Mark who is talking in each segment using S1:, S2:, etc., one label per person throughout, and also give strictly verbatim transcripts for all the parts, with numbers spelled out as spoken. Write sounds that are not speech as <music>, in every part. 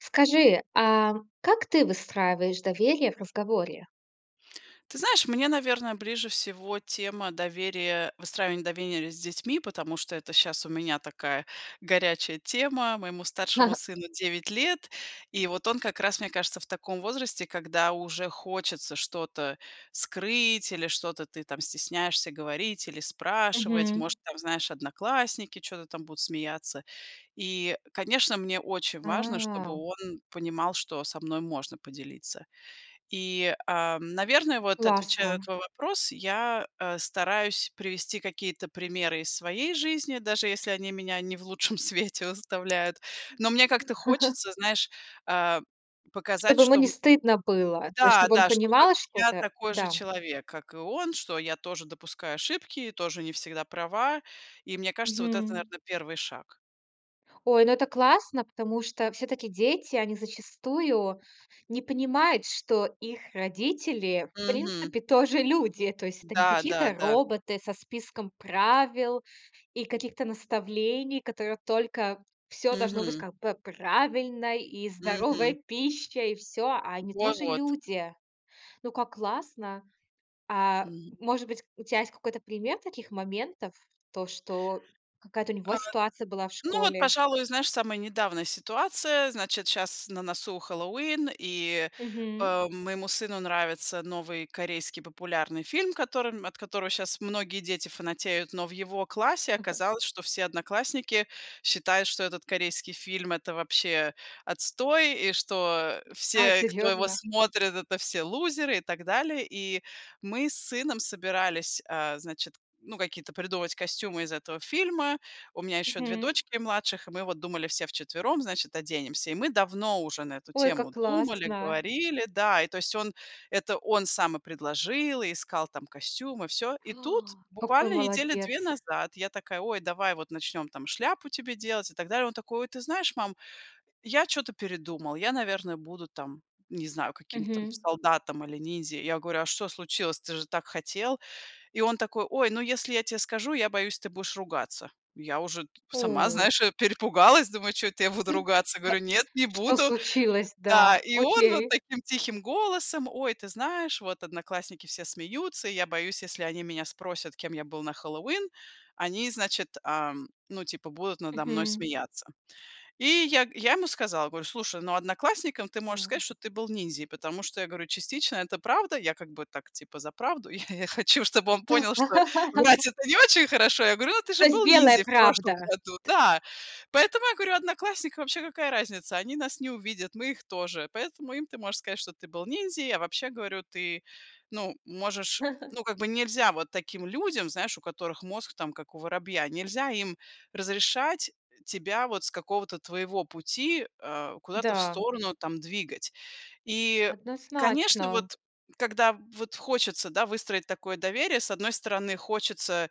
S1: Скажи, а как ты выстраиваешь доверие в разговоре?
S2: Ты знаешь, мне, наверно, ближе всего тема доверия, выстраивания довенерия с детьми, потому что это щас у меня такая горячая тема. Моему старшему
S1: <chuckles>
S2: сыну девять лет, и вот он как раз, мне кажется, в таком возрасте, когда уже хочется что-то скрыть или что-то ты там стесняешься говорить или спрашивать.
S1: Мгм.
S2: Может, там, знаешь, одноклассники чё-то там будут смеяться. И, конечно, мне очень важно, чтобы
S1: А.
S2: он понимал, что со мной можно поделиться. И, ам, наверное, вот, отвечая на
S1: Классно.
S2: твой вопрос, я, э, стараюсь привести какие-то примеры из своей жизни, даже если они меня не в лучшем свете выставляют, но мне как-то
S1: <chuckles>
S2: хочется, знаешь, э, показать,
S1: Чтоб ему
S2: что,
S1: не
S2: м
S1: стыдно было, то есть
S2: Да
S1: чтобы он
S2: да, что как
S1: понимал
S2: бы я
S1: что-то,
S2: такой же
S1: да.
S2: человек, как и он, что я тоже допускаю ошибки, и тоже не всегда права, и, мне кажется, вот это,
S1: Мгм.
S2: наверно, первый шаг.
S1: Ой, ну, это классно, потому что всё-таки дети, они зачастую не понимают, что их родители, в
S2: Мгм.
S1: принципе, тоже люди. То есть это не
S2: Да, да,
S1: какие-то
S2: да.
S1: роботы со списком правил и каких-то наставлений, которые только всё должно быть,
S2: Мгм.
S1: как бы, правильно, и здоровая
S2: Мгм.
S1: пища, и всё, а они
S2: Во
S1: тоже
S2: вот.
S1: люди. Ну, как классно! А
S2: Мгм.
S1: может быть, у тя есть какой-то пример таких моментов, то, что какая-то у
S2: А,
S1: него ситуация была в
S2: ну вот,
S1: школе?
S2: пожалуй, знаешь, самая недавняя ситуация. Значит, щас на носу Хэллоуин, и,
S1: Мгм.
S2: э, моему сыну нравится новый корейский популярный фильм, которым от которого щас многие дети фанатеют. Но в его классе
S1: <chuckles>
S2: оказалось, что все одноклассники считают, что этот корейский фильм- это вообще отстой. И что
S1: А
S2: все, кто его
S1: серьёзно?
S2: смотрит- это все лузеры и так далее. И мы с сыном собирались, э, значит, ну, какие-то придумывать костюмы из этого фильма. У меня еще две
S1: Мгм.
S2: дочки младших, и мы вот думали все вчетвером, значит, оденемся. И мы давно уже на эту
S1: Ой, как
S2: тему думали,
S1: классно!
S2: говорили, да. И то есть он, это он сам и предложил, и искал там костюмы, всё. И тут
S1: <gasps> Какой
S2: буквально недели две
S1: молодец.
S2: назад я такая: "Ой, давай вот начнем там шляпу тебе делать" и так далее. Он такой: "Ой, ты знаешь, мам, я чё-то передумал, я, наверное, буду там, не знаю, каким-то там
S1: Мгм.
S2: солдатом или ниндзя". Я говорю: "А что случилось, ты же так хотел?" И он такой: "Ой, ну, если я те скажу, я боюсь, ты будешь ругаться". Я уже т сама,
S1: Ой.
S2: знаешь, э, перепугалась, думаю: "Чё это я буду ругаться?"
S1: Да.
S2: Говорю: "Нет, не
S1: Что
S2: буду".
S1: случилось, да.
S2: Да, и он вот
S1: Окей.
S2: таким тихим голосом: "Ой, ты знаешь, вот одноклассники все смеются, и я боюсь, если они меня спросят, кем я был на Хэллоуин, они, значит, ам, ну, типа, будут надо мной
S1: Мгм.
S2: смеяться". И я я ему сказала, говорю: "Слушай, ну, одноклассником ты можешь
S1: На
S2: сказать, что ты был ниндзей", потому что я говорю: "Частично это правда". Я как бы так, типа за правду, я <chuckles> я хочу, чтобы он понял, что врать-
S1: <laughs>
S2: это не очень хорошо. Я говорю: "Ну, ты же
S1: То есть
S2: был
S1: белая
S2: ниндзей в прошлом
S1: правда?
S2: году".
S1: Т
S2: Да. Поэтому я говорю: "Одноклассникам вообще какая разница, они нас не увидят, мы их тоже, поэтому им ты можешь сказать, что ты был ниндзей". Я вообще говорю: "Ты, ну, можешь,
S1: <chuckles>
S2: ну, как бы, нельзя вот таким людям, знаешь, у которых мозг там как у воробья, нельзя им разрешать тебя вот с какого-то твоего пути, э, куда-то в
S1: Да.
S2: сторону там двигать". И конечно,
S1: Однозначно.
S2: вот когда вот хочется, да, выстроить такое доверие, с одной стороны хочется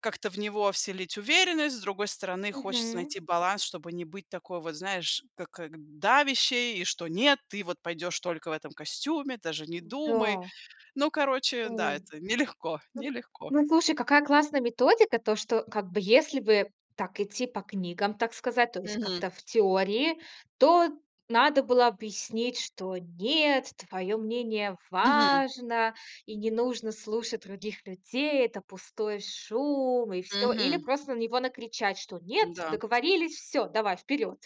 S2: как-то в него вселить уверенность, с другой стороны хочется
S1: Мгм.
S2: найти баланс, чтобы не быть такой вот, знаешь, ка как давящей, и что: "Нет, ты вот пойдешь только в этом костюме, даже не думай".
S1: М-да.
S2: Ну, короче, да,
S1: У,
S2: это нелегко нелегко.
S1: ну, и слушай, какая классная методика. То, что, как бы, если бы так идти по книгам, так сказать, то есть
S2: Мгм.
S1: как-то в теории, то надо было объяснить, что: "Нет, твое мнение
S2: Мгм.
S1: важно, и не нужно слушать других людей. Это пустой шум, и всё". Или
S2: Мгм.
S1: просто на него накричать, что: "Нет,
S2: М-да.
S1: договорились, всё, давай, вперёд".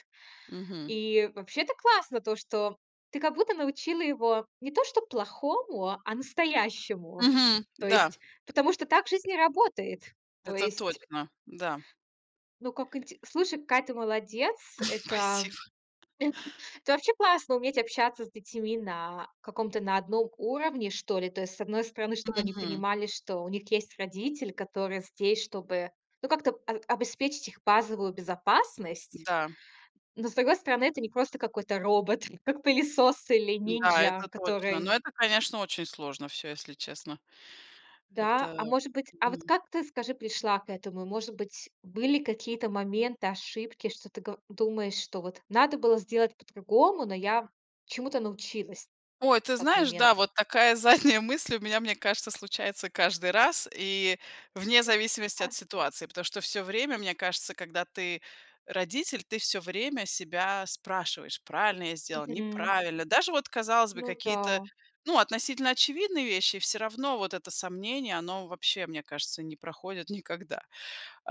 S2: Мгм.
S1: И вообще, это классно, то что ты как будто научила его не то чтоб плохому, а настоящему.
S2: Мгм,
S1: То
S2: да.
S1: есть, потому что так жизнь и работает. То
S2: Это
S1: есть
S2: точно, да.
S1: Ну, как инте слушай, какая ты молодец!
S2: <chuckles>
S1: Это
S2: Спасибо.
S1: это вообще классно уметь общаться с детьми на каком-то, на одном уровне, что ли. То есть, с одной стороны, чтоб они
S2: Мгм.
S1: понимали, что у них есть родитель, которые здесь, чтобы ну как-то об обеспечить их базовую безопасность.
S2: Да.
S1: Но, с другой стороны, это не просто какой-то робот, как пылесос или
S2: Да,
S1: нинжя,
S2: это точно, но
S1: который
S2: это, конечно, очень сложно всё, если честно. Это,
S1: Да, а может быть, а вот
S2: м
S1: как ты, скажи, пришла к этому? И может быть, были какие-то моменты, ошибки, что ты, го думаешь, что вот надо было сделать по-другому, но я чему-то научилась
S2: Ой, ты
S1: в тот
S2: знаешь,
S1: момент.
S2: да, вот такая задняя мысль у меня, мне кажется, случается каждый раз, и вне
S1: Вот. Ну
S2: зависимости
S1: да.
S2: от ситуации. Потому что всё время, мне кажется, когда ты родитель, ты всё время себя спрашиваешь: "Правильно я сделал,
S1: Мгм.
S2: неправильно?" Даже вот, казалось бы,
S1: Ну
S2: какие-то,
S1: да.
S2: ну, относительно очевидные вещи, и всё равно вот это сомнение, оно вообще, мне кажется, не проходит никогда.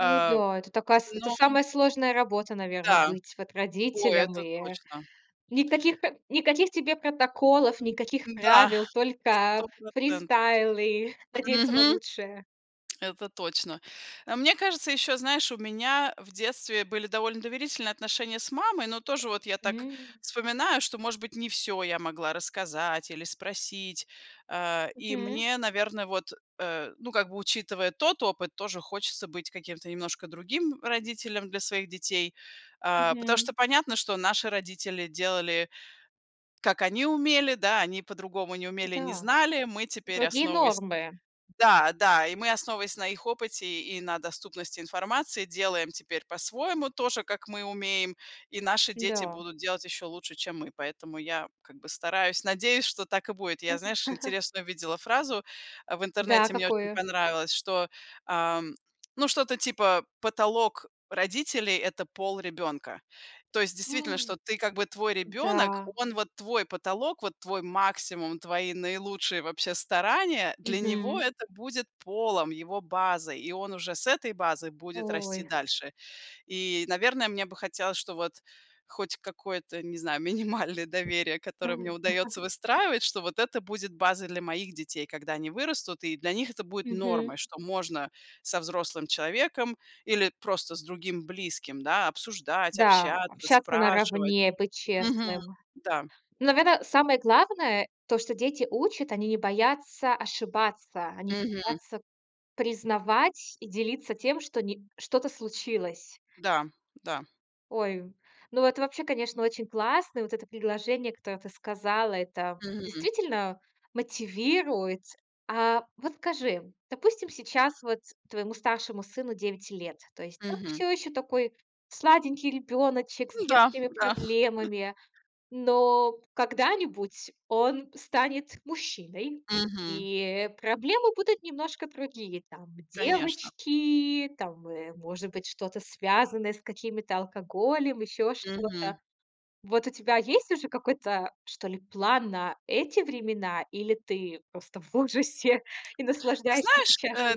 S1: Ну да, это такая с это
S2: но
S1: самая сложная работа, наверно,
S2: Да,
S1: быть вот
S2: о,
S1: родителям, ы,
S2: это
S1: э,
S2: точно.
S1: никаких п никаких тебе протоколов, никаких
S2: Да,
S1: правил, только
S2: сто процентов.
S1: фристайлы, надеяться на
S2: Мгм.
S1: лучшее.
S2: Это точно. Э, мне кажется, ещё, знаешь, у меня, э, в детстве были довольно доверительные отношения с мамой, но тоже вот я так
S1: М.
S2: вспоминаю, что, может быть, не всё я могла рассказать или спросить. Э, и
S1: Мгм.
S2: мне, наверно, вот, э, ну, как бы, учитывая тот опыт, тоже хочется быть каким-то немножко другим родителем для своих детей. Э, потому
S1: Мгм.
S2: что понятно, что наши родители делали, как они умели, да, они по-другому не умели, не
S1: М-да.
S2: знали. Мы теперь,
S1: Вроде и
S2: основываясь
S1: нормы.
S2: Да, да, и мы, основываясь на их опыте и на доступности информации, делаем теперь по-своему, тоже как мы умеем, и наши дети
S1: Н-да.
S2: будут делать ещё лучше, чем мы. Поэтому я, как бы, стараюсь, надеюсь, что так и будет.
S1: Да
S2: Я,
S1: вот.
S2: знаешь,
S1: <chuckles>
S2: интересную видела фразу, э, в
S1: Да, а
S2: интернете, мне очень
S1: какую?
S2: понравилось, что, ам, ну, что-то типа: "Потолок родителей- это пол ребёнка". То есть действительно, что
S1: <gasps>
S2: ты, как бы, твой ребёнок,
S1: Да.
S2: он вот твой потолок, вот твой максимум, твои наилучшие вообще старания, для него
S1: Мгм.
S2: это будет полом, его базой. И он уже с этой базы будет расти
S1: Ой.
S2: дальше. И, наверное, мне бы хотелось, чтоб вот хоть какое-то, не знаю, минимальное доверие, которое мне
S1: Ну
S2: удаётся
S1: <chuckles>
S2: выстраивать, что вот это будет базой для моих детей, когда они вырастут, и для них это будет нормой,
S1: Мгм.
S2: что можно со взрослым человеком или просто с другим близким, да, обсуждать,
S1: Да,
S2: общаться,
S1: общаться
S2: спрашивать.
S1: наравне, быть
S2: Мгм.
S1: честным.
S2: Да.
S1: Ну наверно, самое главное- то, что дети учат, они не боятся ошибаться, они не
S2: Мгм.
S1: боятся признавать и делиться тем, что ни что-то случилось.
S2: Дам, да.
S1: Ой! Ну, это вообще, конечно, очень классно. Вот это предложение, которое ты сказала. Это
S2: Мгм.
S1: действительно мотивирует. А, вот скажи, допустим, сейчас вот твоему старшему сыну девять лет. То есть, он
S2: Мгм.
S1: всё ещё такой сладенький ребёночек с
S2: Ну да,
S1: детскими
S2: да.
S1: проблемами,
S2: <chuckles>
S1: но когда-нибудь он станет мужчиной
S2: Мгм.
S1: и, э, проблемы будут немножко другие. Там
S2: Конечно.
S1: девочки, там, э, может быть что-то связанное с какими-то алкоголем, ещё что-то.
S2: Мгм.
S1: Вот у тебя есть уже какой-то, что ли, план на эти времена или ты просто в ужасе и
S2: Ты
S1: наслаждаешься
S2: знаешь, э,
S1: сечяшным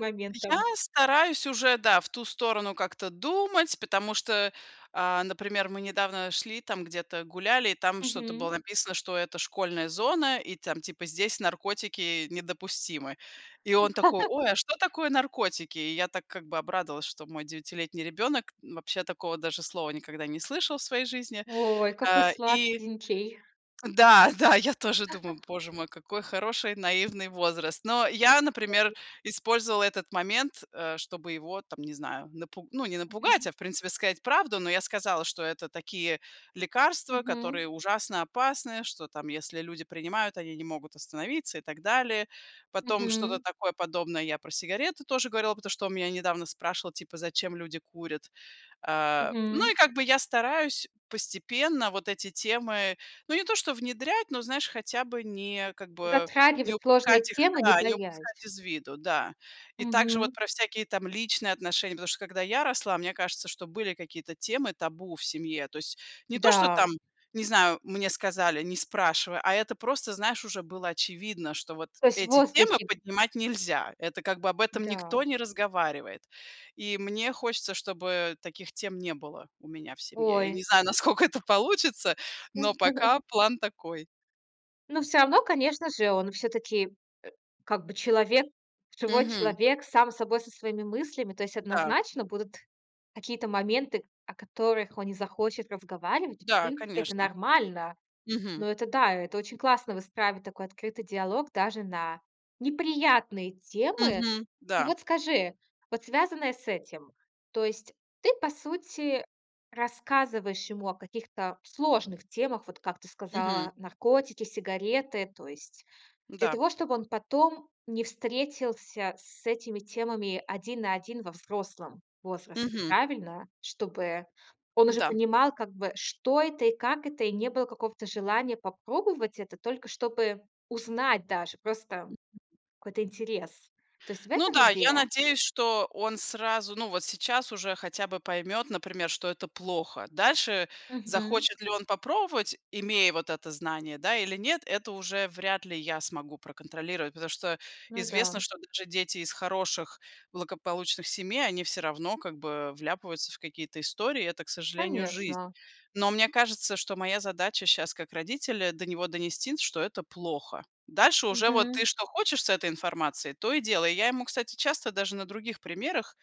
S2: я
S1: моментом?
S2: стараюсь уже, да, в ту сторону как-то думать, потому что, а, например, мы недавно шли, там где-то гуляли и там что-то было
S1: Мгм.
S2: написано, что это школьная зона и там типа здесь наркотики недопустимы. И он такой: "Ой, а
S1: <laughs>
S2: что такое наркотики?" И я так как бы обрадовалась, что мой девятилетний ребенок, вообще, такого даже слова никогда не слышал в своей жизни.
S1: Ой, какой
S2: А, и
S1: сладкинький!
S2: да, да, я тоже думаю:
S1: <laughs>
S2: "Боже мой, какой хороший наивный возраст". Но я,
S1: Вает.
S2: например, использовала этот момент, э, чтобы его, там не знаю, напу ну не напугать,
S1: Мгм.
S2: а, в принципе, сказать правду, но я сказала, что это такие лекарства,
S1: Мгм.
S2: которые ужасно опасны, что там если люди принимают, они не могут остановиться и так далее. Потом что-то
S1: Мгм.
S2: такое подобное я про сигареты тоже говорила, потому что он у меня недавно спрашивал, типа зачем люди курят. А, ну
S1: Мгм.
S2: и как бы я стараюсь постепенно вот эти темы, ну, не то что внедрять, но знаешь, хотя бы не как бы, не
S1: Затрагивать сложные
S2: упускать их
S1: темы, не
S2: да, не
S1: боясь.
S2: упускать из виду, да. И также вот
S1: Мгм.
S2: про всякие там личные отношения. Потому что когда я росла, мне кажется, что были какие-то темы табу в семье. То есть, не то, что
S1: Да.
S2: там, не знаю, мне сказали, не спрашивай, а это просто, знаешь, уже было очевидно, что вот
S1: То есть, в
S2: эти темы
S1: воздухе.
S2: поднимать нельзя. Это как бы об этом никто
S1: Да.
S2: не разговаривает. И мне хочется, чтобы таких тем не было у меня в семье. Я
S1: Ой.
S2: не знаю, насколько это получится, но
S1: <laughs>
S2: пока план такой.
S1: Ну, всё равно, конечно же, он все-таки, э, как бы человек живой
S2: Мгм.
S1: человек сам собой, со своими мыслями. То есть,
S2: Да.
S1: однозначно будут какие-то моменты, о которых он не захочет разговаривать. В
S2: Да,
S1: принципе, это
S2: конечно.
S1: нормально.
S2: Мгм.
S1: Но это да, это очень классно выстраивать, такой открытый диалог даже на неприятные темы.
S2: Мгм.
S1: И
S2: Да.
S1: вот скажи, вот связанное с этим, то есть ты по сути рассказываешь ему о каких-то сложных темах, вот как ты
S2: Мгм.
S1: сказала наркотики, сигареты, то есть для
S2: Да.
S1: того чтобы он потом не встретился с этими темами один на один во взрослом возрасте,
S2: Мгм.
S1: правильно? Чтобы он уже
S2: Н-да.
S1: понимал как бы что это и как это и не было какого-то желания попробовать это только чтобы узнать даже просто какой-то интерес. То есть, в
S2: Ну
S1: этом
S2: да, я
S1: идея?
S2: надеюсь, что он сразу ну вот сейчас уже хотя бы поймет, например, что это плохо. Дальше
S1: Мгм.
S2: захочет ли он попробовать, имея вот это знание, да или нет, это уже вряд ли я смогу проконтролировать. Потому что
S1: Ну
S2: известно,
S1: да.
S2: что даже дети из хороших благополучных семей они всё равно как бы вляпываются в какие-то истории. Это, к сожалению, жизнь.
S1: Конечно.
S2: Но мне кажется, что моя задача щас как родителя до него донести, что это плохо. Дальше уже вот ты
S1: Мгм.
S2: что хочешь с этой информацией, то и делай. Я ему, кстати, часто даже на других примерах,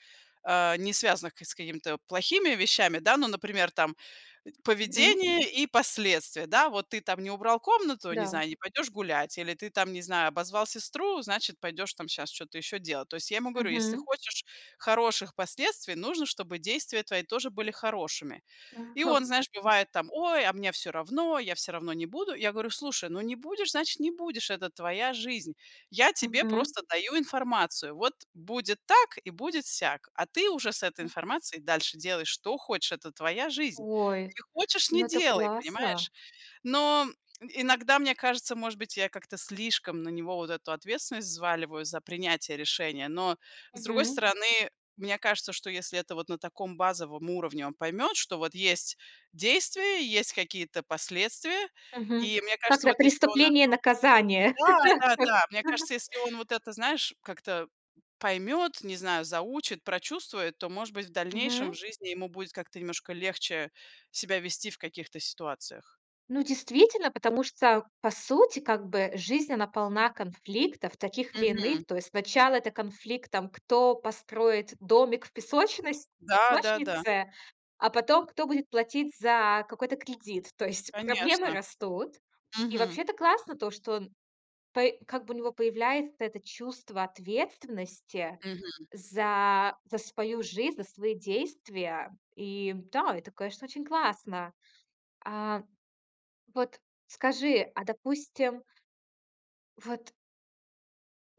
S2: а, не связанных к с какими-то плохими вещами, да, ну например, там,
S1: Мгм.
S2: поведение и последствия, да: вот ты там не убрал комнату, не
S1: Да.
S2: знаю, не пойдешь гулять, или ты там, не знаю, обозвал сестру, значит пойдешь, там сейчас что-то еще делать. То есть, я ему говорю: "Если ты
S1: Мгм.
S2: хочешь хороших последствий, нужно чтобы действия твои тоже были хорошими". И он знаешь
S1: <unintelligible>
S2: бывает, там: "Ой, а мне всё равно, я всё равно не буду". Я говорю: "Слушай, ну не будешь, значит не будешь, это твоя жизнь. Я тебе
S1: Мгм.
S2: просто даю информацию, вот будет так и будет сяк. А ты уже с этой информацией дальше делай, что хочешь, это твоя жизнь.
S1: Ой!
S2: Не хочешь, не
S1: Ну это
S2: делай,
S1: классно!
S2: понимаешь?" Но, иногда, мне кажется, может быть я как-то слишком на него вот эту ответственность взваливаю за принятие решения, но с другой
S1: Мгм.
S2: стороны, мне кажется, что если это вот на таком базовом уровне он поймет, что вот есть действия, и, есть какие-то последствия
S1: Мгм.
S2: и мне
S1: Как
S2: кажется,
S1: это?
S2: вот если он
S1: "Преступление
S2: это
S1: и наказание".
S2: Да, да, да, мне кажется,
S1: <laughs>
S2: если он вот это, знаешь, как-то поймет, не знаю, заучит, прочувствует, то может быть в дальнейшем в
S1: Мгм.
S2: жизни ему будет как-то немножко легче себя вести в каких-то ситуациях.
S1: Ну, действительно, потому что, по сути, как бы жизнь, она полна конфликтов таких или
S2: Мгм.
S1: иных. То есть, сначала это конфликт, там кто построит домик в песочност
S2: Да, да, да.
S1: песочнице, а потом кто будет платить за какой-то кредит. То есть, проблемы
S2: Конечно.
S1: растут. И,
S2: Мгм.
S1: вообще, это классно то что он, по как бы у него появляется это чувство ответственности
S2: Мгм.
S1: за за свою жизнь, за свои действия. И да, это, конечно, очень классно. А, вот, скажи, а допустим Вот.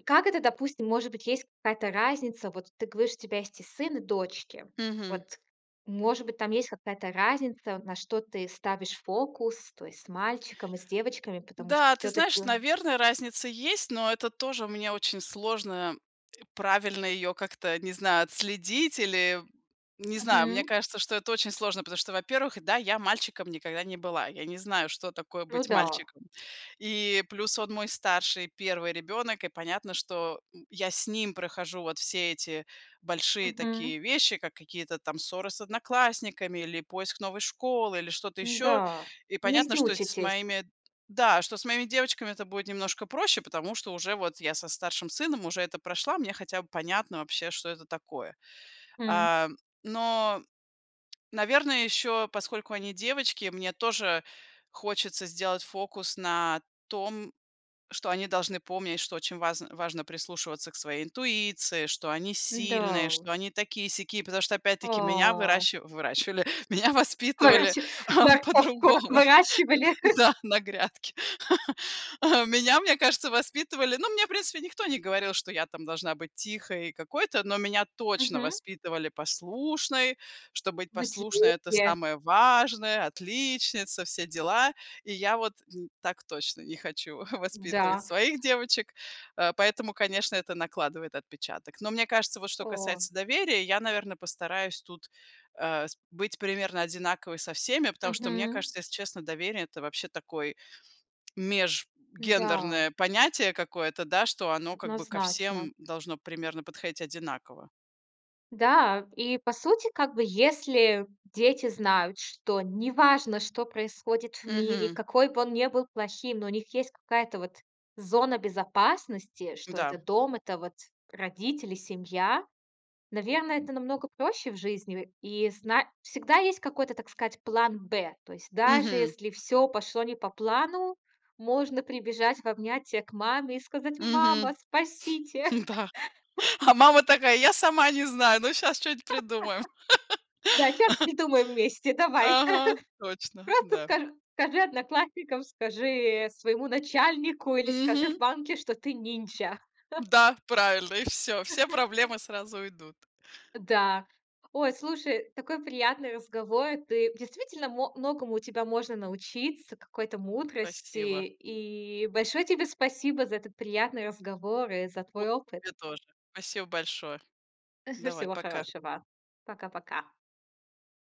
S1: Как это, допустим, может быть, есть какая-то разница? Вот ты говоришь, у тебя есть и сын, и дочки.
S2: Мгм.
S1: Вот, может быть, там есть какая-то разница, на что ты ставишь фокус, то есть с мальчиком и с девочками, потому что
S2: Да, ты
S1: всё-таки
S2: знаешь, наверно, разница есть, но это тоже мне очень сложно правильно ее как-то, не знаю, отследить или не знаю, мне
S1: Мгм.
S2: кажется, что это очень сложно, потому что, во-первых, да, я мальчиком никогда не была, я не знаю, что такое
S1: Ну
S2: быть
S1: да.
S2: мальчиком. И плюс он мой старший первый ребенок и понятно, что я с ним прохожу вот все эти большие
S1: Мгм.
S2: такие вещи, как какие-то там ссоры с одноклассниками или поиск новой школы или что-то еще
S1: М-да,
S2: и понятно,
S1: вместе
S2: что с
S1: учитесь.
S2: моими Да, что с моими девочками это будет немножко проще, потому что уже вот я со старшим сыном уже это прошла, мне хотя бы понятно вообще, что это такое.
S1: М.
S2: А, но, наверное, еще поскольку они девочки, мне тоже хочется сделать фокус на том, что они должны помнить, что очень вазн важно прислушиваться к своей интуиции, что они сильные,
S1: Н-да.
S2: что они такие-сякие, потому что опять-таки меня
S1: А.
S2: выращи выращивали, меня воспитывали
S1: Короче, морковку
S2: по-другому,
S1: выращивали.
S2: да на грядке. Меня, мне кажется, воспитывали, но мне, в принципе, никто не говорил, что я там должна быть тихой, какой-то, но меня точно
S1: Мгм.
S2: воспитывали послушной, что быть послушной это
S1: Материнстве.
S2: самое важное, отличница, все дела. И я вот, так точно не хочу <chuckles> воспитывать
S1: Да.
S2: своих девочек, э, поэтому, конечно, это накладывает отпечаток. Но мне кажется, вот, что
S1: О!
S2: касается доверия, я, наверное, постараюсь тут, э, с быть примерно одинаковой со всеми, потому что мне
S1: Мгм.
S2: кажется, если честно, доверие- это, вообще, такой
S1: М-да.
S2: межгендерное понятие какое-то, да, что оно как бы ко
S1: Однозначно.
S2: всем должно примерно подходить одинаково.
S1: Да! И, по сути, как бы, если дети знают, что неважно, что происходит в мире,
S2: Мгм.
S1: какой бы он не был плохим, но у них есть какая-то, вот, зона безопасности. Что
S2: Да.
S1: это дом, это, вот, родители, семья. Наверно, это намного проще в жизни. И в и зна всегда есть какой-то, так сказать, "план Б". То есть, даже,
S2: Мгм.
S1: если всё пошло не по плану, можно прибежать в обнятия к маме и сказать: "Мама,
S2: Мгм.
S1: спасите!"
S2: М-да.
S1: <chuckles>
S2: А мама такая: я сама не знаю, но щас чё-нибудь
S1: <laughs>
S2: придумаем.
S1: Да. Щас придумаем вместе!
S2: <laughs>
S1: Давай!
S2: Ага,
S1: <chuckles>
S2: точно,
S1: Просто
S2: да.
S1: скаж скажи одноклассникам, скажи своему начальнику или скажи в
S2: Мгм.
S1: банке, что ты ниндзя! <chuckles>
S2: Да, правильно, и всё, все
S1: <chuckles>
S2: проблемы сразу уйдут.
S1: Э, да. Ой, слушай, такой приятный разговор. Ты действительно, мо многому у тебя можно научиться, какой-то мудрости.
S2: Спасибо.
S1: И большое тебе спасибо за этот приятный разговор и за
S2: Вот,
S1: твой опыт!
S2: тебе тоже. Спасибо большое.
S1: <chuckles>
S2: Давай,
S1: Всего
S2: пока.
S1: хорошего! Пока-пока!